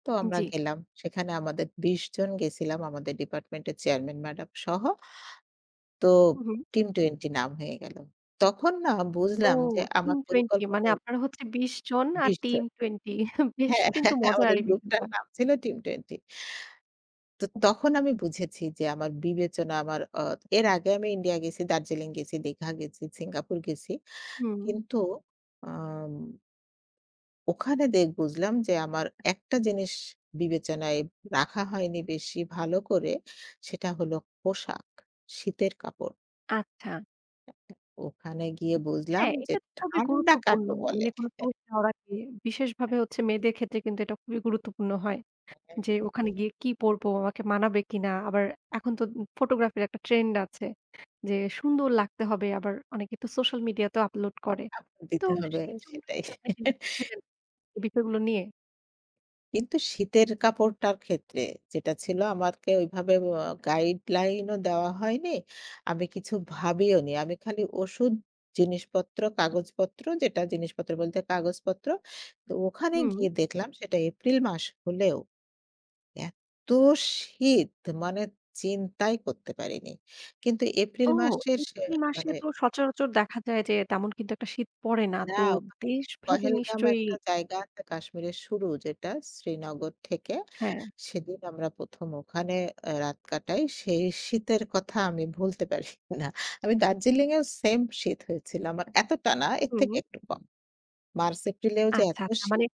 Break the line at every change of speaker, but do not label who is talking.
তো
উ
আমরা
জ্বী।
গেলাম। সেখানে আমাদের ২০ জন গেছিলাম, আমাদের ডিপার্টমেন্টের চেয়ারম্যান ম্যাডাম সহ। তো
হুম, হুম।
'টিম টুয়েন্টি' নাম হয়ে গেলো। তখন না
ও
বুঝলাম যে
'টিম
আমার
টুয়েন্টি' মানে
পরিকল্পনায়
আপনার হচ্ছে ২০ জন আর
২০
'টিম
জন।
টুয়েন্টি' বেশ
হ্যাঁ,
কিন্তু
হ্যাঁ
মজার
আমাদের
এই
গ্রুপটার
বিষয়টা।
নাম ছিল 'টিম টুয়েন্টি'। তো তখন আমি বুঝেছি যে আমার বিবেচনা আমার অ এর আগে আমি ইন্ডিয়া গেছি, দার্জিলিং গেছি, দীঘা গেছি, সিঙ্গাপুর গেছি।
হুম।
কিন্তু আম ...ওখানে দেখ বুঝলাম যে আমার ১ টা জিনিস বিবেচনায় রাখা হয়নি বেশি ভালো করে। সেটা হল পোশাক, শীতের কাপড়।
আচ্ছা।
অ্যা উম ওখানে গিয়ে বুঝলাম
হ্যাঁ,
যে,
এইটা তো খুবই
ঠান্ডা
গুরুত্বপূর্ণ।
কাকে
ম
বলে?
মানে কোনো [unintelligible] বিশেষভাবে
হ্যাঁ।
ভাবে হচ্ছে মেয়েদের ক্ষেত্রে কিন্তু এটা খুবই গুরুত্বপূর্ণ হয়।
হ্যাঁ।
যে, ওখানে গিয়ে কি পড়ব? আমাকে মানাবে কিনা? আবার এখন তো উ ফটোগ্রাফির একটা ট্রেন্ড আছে। যে সুন্দর লাগতে হবে। আবার অনেকে তো সোশ্যাল মিডিয়াতেও আপলোড করে।
আপ
তো
দিতে হবে
সেইজন্যই
সেটাই।
কি আপনি চিন্তা করছিলেন, এই বিষয়গুলো নিয়ে?
কিন্তু শীতের কাপড়টার ক্ষেত্রে যেটা ছিল আমারকে ওইভাবে ওয়া গাইডলাইনও দেওয়া হয়নি। আমি কিছু ভাবিওনি। আমি খালি ওষুধ জিনিসপত্র, কাগজপত্র, যেটা জিনিসপত্র বলতে কাগজপত্র তো ওখানে
হুম।
গিয়ে দেখলাম সেটা এপ্রিল মাস হলেও। এতো শীত! মানে চিন্তাই করতে পারিনি। কিন্তু এপ্রিল
ও!
মাসের শে
এপ্রিল মাসে
মানে
তো সচরাচর দেখা যায় যে তেমন কিন্তু একটা শীত পড়ে না।
না
তো
ওখানে
দেশ ভেদে
'পহেলগাম'
নিশ্চই
একটা জায়গা আছে, কাশ্মীরের শুরু যেটা শ্রীনগর থেকে।
হ্যাঁ।
সেদিন আমরা ১ম ওখানে অ্যা রাত কাটাই। সেই শীতের কথা আমি ভুলতে পারি না। আমি দার্জিলিংএও সেইম শীত হয়েছিল আমার। এতটা না, এর
হুম,
থেকে
হুম।
একটু কম। মার্চ-এপ্রিলেও যে
আচ্ছা,
এত
আচ্ছা
শীত!
মানে